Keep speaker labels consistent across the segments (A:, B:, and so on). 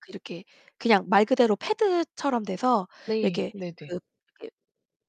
A: 그 이렇게 그냥 말 그대로 패드처럼 돼서
B: 네,
A: 이렇게
B: 네네.
A: 그 이렇게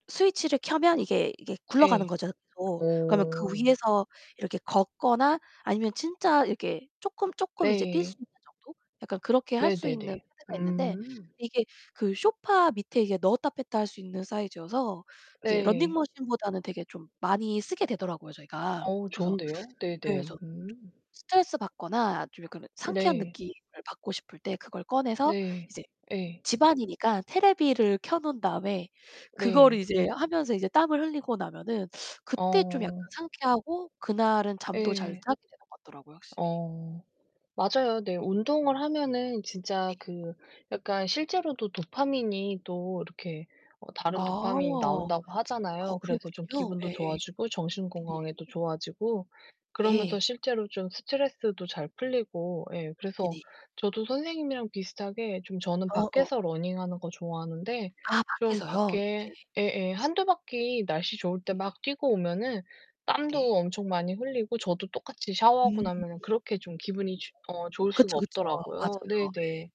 A: 스위치를 켜면 이게 이게 굴러가는
B: 예.
A: 거죠, 계속. 그러면 그
B: 오.
A: 위에서 이렇게 걷거나 아니면 진짜 이렇게 쪼금쪼금 이제 뛸 수
B: 네.
A: 있는 정도? 약간 그렇게 할 수 있는
B: 네네네.
A: 패드가 있는데
B: 음.
A: 이게 그 소파 밑에 이게 넣었다 뺐다 할 수 있는 사이즈여서 이제
B: 네.
A: 러닝머신보다는 되게 좀 많이 쓰게 되더라고요, 저희가.
B: 어,
A: 그래서
B: 좋은데요.
A: 네,
B: 네네.
A: 그래서.
B: 음.
A: 스트레스 받거나 좀 약간은 상쾌한
B: 네.
A: 느낌을 받고 싶을 때 그걸 꺼내서
B: 네.
A: 이제
B: 예.
A: 집 안이니까 테레비전을 켜 놓은 다음에 그거를
B: 네.
A: 이제 하면서 이제 땀을 흘리고 나면은 그때 좀 약간
B: 어.
A: 상쾌하고 그날은 잠도 잘
B: 예.
A: 자게 되는 것 같더라고요, 확실히.
B: 어. 맞아요. 네, 운동을 하면은 진짜
A: 네.
B: 그 약간 실제로도 도파민이 또 이렇게 어,
A: 아.
B: 다른 도파민이
A: 아우,
B: 나온다고 하잖아요. 그래서 좀
A: 그렇군요.
B: 기분도
A: 예예.
B: 좋아지고 정신
A: 네네.
B: 건강에도 좋아지고 그러면서
A: 예.
B: 실제로 좀 스트레스도 잘 풀리고 예. 그래서
A: 네네.
B: 저도 선생님이랑 비슷하게 좀 저는
A: 어어.
B: 밖에서 러닝하는 거 좋아하는데
A: 아,
B: 좀
A: 밖에서요?
B: 밖에
A: 예.
B: 예예, 1-2 바퀴 날씨 좋을 때
A: 예.
B: 막 뛰고 오면은 땀도
A: 예.
B: 엄청 많이 흘리고 저도 똑같이 샤워하고
A: 음.
B: 나면은 그렇게 좀 기분이 좋 어, 좋을 수가
A: 그쵸, 그쵸.
B: 없더라고요.
A: 맞아요.
B: 네네.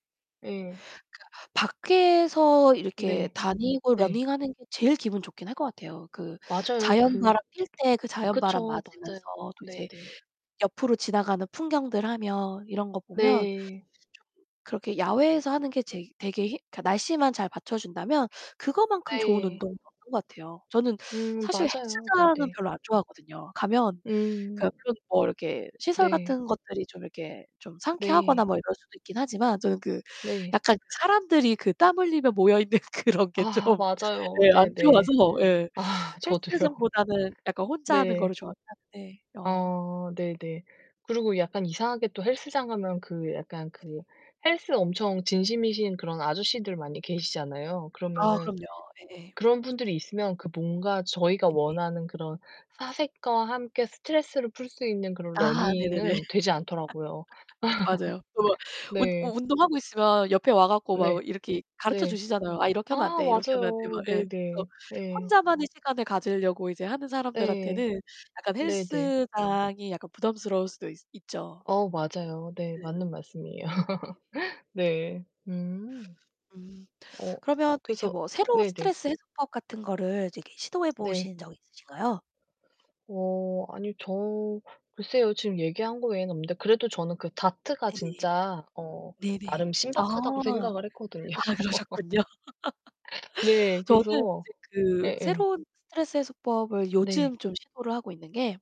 B: 예.
A: 그러니까 밖에서 이렇게
B: 네.
A: 다니고
B: 네.
A: 러닝하는 게 제일 기분 좋긴 할 것 같아요. 그
B: 맞아요. 그
A: 자연바람 뛸 때 그 자연바람
B: 그쵸. 맞아요.
A: 맞으면서 또 이제
B: 네네.
A: 옆으로 지나가는 풍경들 하며 이런 거 보면, 이제
B: 네.
A: 쪼끔 그렇게 야외에서 하는 게 제일 되게 히 그 날씨만 잘 받쳐준다면 그거만큼 좋은
B: 네.
A: 운동은 없는 것 같아요. 저는
B: 음,
A: 사실
B: 맞아요.
A: 헬스장은
B: 네네.
A: 별로 안 좋아하거든요. 가면
B: 음.
A: 그러니까 그런 뭐 이렇게 시설
B: 네.
A: 같은 것들이 좀 이렇게 좀 상쾌하거나
B: 네.
A: 뭐 이럴 수도 있긴 하지만 저는 그
B: 네.
A: 약간 사람들이 그 땀 흘리며 모여 있는 그런 게
B: 아,
A: 좀
B: 맞아요.
A: 예, 안 좋아서
B: 네네.
A: 예,
B: 아, 저도요.
A: 헬스장보다는 약간 혼자 하는
B: 네.
A: 거를 좋아는 하는데. 어.
B: 아, 네네. 그리고 약간 이상하게 또 헬스장 가면 그 약간
A: 네네.
B: 그 헬스 엄청 진심이신 그런 아저씨들 많이 계시잖아요.
A: 아,
B: 그러면은
A: 그럼요. 예예.
B: 그런 분들이 있으면 그 뭔가 저희가
A: 네네.
B: 원하는 그런 사색과 함께 스트레스를 풀 수 있는 그런
A: 아, 네네네.
B: 러닝은 되지 않더라고요.
A: 맞아요. 또 막 운
B: 네.
A: 운동하고 있으면 옆에 와 가지고 막 어
B: 네.
A: 이렇게
B: 네.
A: 가르쳐주시잖아요. "아, 이렇게 하면 안
B: 아,
A: 돼, 이렇게 하면 그거."
B: 맞아요.
A: 예. 그래서
B: 네네, 예.
A: 혼자만의 시간을 가지려고 이제 하는
B: 예.
A: 사람들한테는 약간
B: 네네.
A: 헬스장이 약간 부담스러울 수도 있어 있죠.
B: 어, 맞아요. 네,
A: 네.
B: 맞는 말씀이에요.
A: 네네.
B: 네. 음.
A: 음,
B: 어,
A: 그러면 또 이제
B: 그래서
A: 뭐 새로운
B: 네네.
A: 스트레스 해소법 같은 거를 이제 이게 시도해
B: 네.
A: 보신 적 있으신가요?
B: 어. 아니요. 저 글쎄요. 지금 얘기한 거 외에는 없는데 그래도 저는 그 다트가
A: 예 네.
B: 진짜 어,
A: 네네.
B: 나름
A: 아.
B: 신박하다고 생각을 했거든요.
A: 아, 그러셨군요.
B: 네,
A: 저는
B: 그래서
A: 이제 그
B: 예예.
A: 새로운 스트레스 해소법을
B: 네.
A: 요즘 좀 시도를 하고 있는 게